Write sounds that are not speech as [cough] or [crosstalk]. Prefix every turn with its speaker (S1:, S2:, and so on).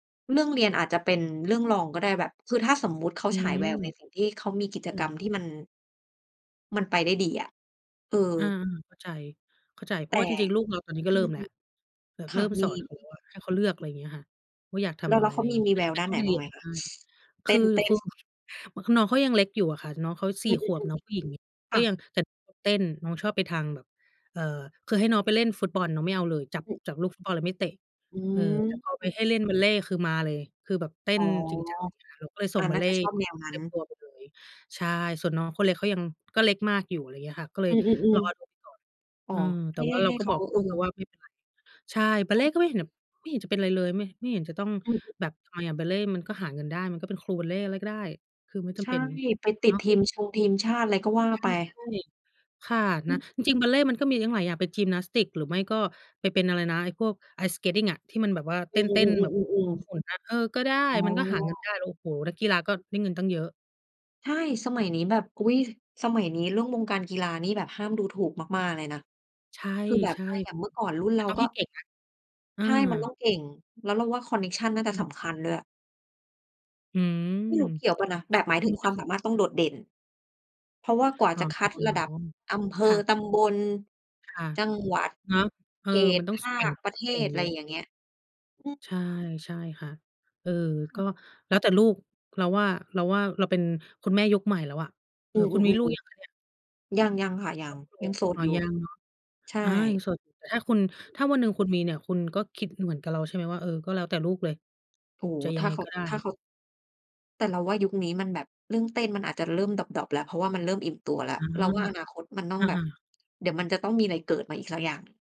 S1: เรื่องเรียนอาจจะเป็นเรื่องรองก็ได้แบบ คือถ้าสมมุติเขา
S2: อื
S1: ฉาย
S2: ม
S1: แววในสิ่งที่ เขามีกิจ
S2: เออ
S1: กรรมที่มัน มันไปได้ดีอะ เออ
S2: อา เข้าใจ เข้าใจ เพ
S1: แ
S2: รา
S1: ต
S2: ะว่
S1: ่
S2: าจริง ๆ ลูกเราตอนนี้ก็
S1: อื
S2: เริ่มแ
S1: อ
S2: ล้วแบบ
S1: ค
S2: เร
S1: ่
S2: ิ
S1: ะ
S2: ่ม
S1: ม
S2: ส
S1: ี
S2: อนเขาอะให้เขาเลือก อะไรอย่างเงี้ยค่ะว่า อยากท
S1: แล้ว
S2: ำอ
S1: แ
S2: ะ
S1: ล
S2: ไ
S1: ้
S2: ร
S1: วเ
S2: อ
S1: ข
S2: ะไ
S1: า
S2: ร
S1: มี
S2: งี
S1: ม
S2: ้
S1: ี
S2: ไม
S1: แ
S2: ่
S1: ว
S2: จ
S1: ว
S2: ำเป็
S1: ด
S2: น
S1: ้าน
S2: ต
S1: ไ
S2: ้
S1: ห
S2: อ
S1: น
S2: งไป
S1: บ
S2: เ
S1: ้
S2: ร
S1: า
S2: ี
S1: งไ
S2: ย
S1: ห
S2: น
S1: ม
S2: ก
S1: ค
S2: ็
S1: ะ?
S2: ได้
S1: เ
S2: ค
S1: ต้
S2: ือ
S1: น เต้
S2: น
S1: น
S2: ้อง คือน้องเขายังเล็กอยู่อะค่ะ น้องเขา ส
S1: อ
S2: ี
S1: ื
S2: ่ ข
S1: อ
S2: วบน้องผู้หญิง
S1: ๆ ๆ ค
S2: ก็
S1: ่
S2: ยั
S1: ะ
S2: งแบบเต้น น้องชอบไปทางแบบ เอ่อ คือให้น้องไปเล่นฟุตบอลน้องไม่เอาเลย จับ
S1: อือ
S2: จับลูกฟุตบอลแล้วไม่เตะ
S1: อื
S2: เออ แต่พอไป
S1: อ
S2: ให้เล่นบัลเลต์คือมาเลย คือแบบเต้
S1: อ๋อ
S2: นจริงจัง [unintelligible] เราก็เลยส
S1: อ
S2: ่
S1: า
S2: งบั
S1: น่
S2: ล
S1: า
S2: เล
S1: จะ
S2: ต์
S1: ชอบแนวนั
S2: เ
S1: ้
S2: ต
S1: น
S2: ็มตัวไปเลย ใช่ ส่วนน้องคนเล็กเขายัง ก็เล็กมากอยู่ อะไรอย่างเงี้ยค่ะ ก็เล
S1: อื
S2: ย
S1: อ
S2: รอดู
S1: ๆ
S2: ก่อน
S1: ๆ อ๋
S2: อ
S1: อ
S2: ือ
S1: ใ
S2: แต
S1: ห้
S2: ่ว
S1: ใ
S2: ่
S1: ห
S2: า
S1: ้
S2: เร
S1: ใ
S2: า
S1: ห้
S2: ก็
S1: เข
S2: บ
S1: า
S2: อก
S1: เ
S2: ล
S1: อ
S2: ูกเราว
S1: อ
S2: ่าไม่เป็นไร ใช่ บ
S1: ใ
S2: ั
S1: ช
S2: ลเ
S1: ่
S2: ลต์ก็
S1: ใ
S2: ไ
S1: ช
S2: ม่เห็น
S1: ่
S2: ไม่เห็นจะเป็นไรเลย ไม่ ไม่เห็นจะต้อง
S1: อือฮึ
S2: แบบ ทำไมอะ บัลเลต์มันก็หาเงินได้ มันก็เป็นครูบัลเลต์อะไรก็ได้ คือไม่จ
S1: ใช
S2: ำเ
S1: ่
S2: ป็น
S1: ไปต
S2: เ
S1: ิ
S2: น
S1: ด
S2: าะ
S1: ทีมชงทีมชาติอะไรก็ว่า
S2: ใช่
S1: ไป
S2: ใช่ ค่ะ
S1: อ
S2: นะ
S1: ือ
S2: จริง ๆ บัลเลต์มันก็มีตั้งหลายอย่าง ไปยิมนาสติก หรือไม่ก็ไปเป็น อะไรนะ ไอ้พวก Ice Skating อะ ที่มันแบบว่าเ
S1: อ
S2: ต
S1: ื
S2: ้น ๆ แบบ
S1: อ ๆ ๆ ๆ ๆ
S2: หมุน ๆ น่ะ เออ ก็ได้
S1: อ๋
S2: มันก็หาเงิน
S1: อ
S2: ได้ โอ้โฮ นักกีฬาก็ได้เงินตั้งเยอะ
S1: ใช่ สมัยนี้แบบ อุ๊ย สมัยนี้เรื่องวงการกีฬานี่แบบห้ามดูถูกมาก ๆ เลยนะ
S2: ใช่
S1: คือแบบ
S2: ใช่
S1: ถ้าอย่างเมื่อก่อนรุ่น
S2: แต
S1: เ
S2: ่
S1: รา
S2: ต้อง
S1: ก
S2: ใ
S1: ็
S2: ห้เก่งนะ เอ
S1: ใ
S2: อ
S1: ช่ มันต้องเก่ง แล้วเราว่าคอนเน็กชันน่าจ
S2: อ
S1: ะ
S2: ื
S1: ส
S2: ม
S1: ำคัญด้วย
S2: อืม
S1: ไม่รู้เกี่ยวเปล่านะ
S2: แ
S1: แ
S2: บ
S1: บบ
S2: บ
S1: หมายถึง ความ
S2: [unintelligible]
S1: สามารถต้องโดดเด่น เพราะว่า กว่า
S2: อ๋อ
S1: จะคัดระดับอำเภ
S2: ค่
S1: อ
S2: ะ
S1: ตำบล
S2: ค่ะ
S1: จังหวัด
S2: เนาะ เออ
S1: เข
S2: ม
S1: ต
S2: ันต้อ
S1: ภ
S2: ง ส แข
S1: า
S2: ่ง
S1: ค ประเท
S2: แข่
S1: ศ
S2: ง
S1: อ
S2: เ
S1: ะ
S2: ย
S1: ไร
S2: อะ
S1: อย่างเงี้ย อือ
S2: ใช่ ใช่ค่ะ เออ
S1: ค่
S2: ก
S1: ะ
S2: ็แล้วแต่ลูก เราว่า เราว่า เราเป็นคุณแม่ยุคใหม่แล้วอะ เ
S1: อ
S2: อ
S1: ื
S2: อ คุณมีลู
S1: อ
S2: กยัง
S1: ๆ
S2: คะเนี่ย?
S1: ๆ ๆ ยัง ยังค่ะ ยัง ยัง
S2: [unintelligible]
S1: โสด
S2: อ๋อ
S1: อยู่
S2: ยังเหรอ
S1: ใช่
S2: อา ยังโสดอยู่ แต่ถ้าคุณ ถ้าวันหนึ่งคุณมีเนี่ย คุณก็คิดเหมือนกับเรา ใช่ไหมว่า เออ ก็แล้วแต่ลูกเลย
S1: โอ้โฮ
S2: จะ
S1: ถ
S2: ยั
S1: ้
S2: ง
S1: า
S2: ไง
S1: เขา
S2: ก็ได้
S1: ถ้าเขา แต่เราว่ายุคนี้มันแบบเรื่องเต้นมันอาจจะเริ่มดร็อป ๆ แล้ว เพราะว่ามันเริ่มอิ่มตัวแล้ว
S2: อ๋อ
S1: เราว่าอนาคตมันต้อ
S2: อ
S1: งแบบ
S2: า ๆ
S1: เดี๋ยวมันจะต้องมีอะไรเกิดมาอีกสักอย่าง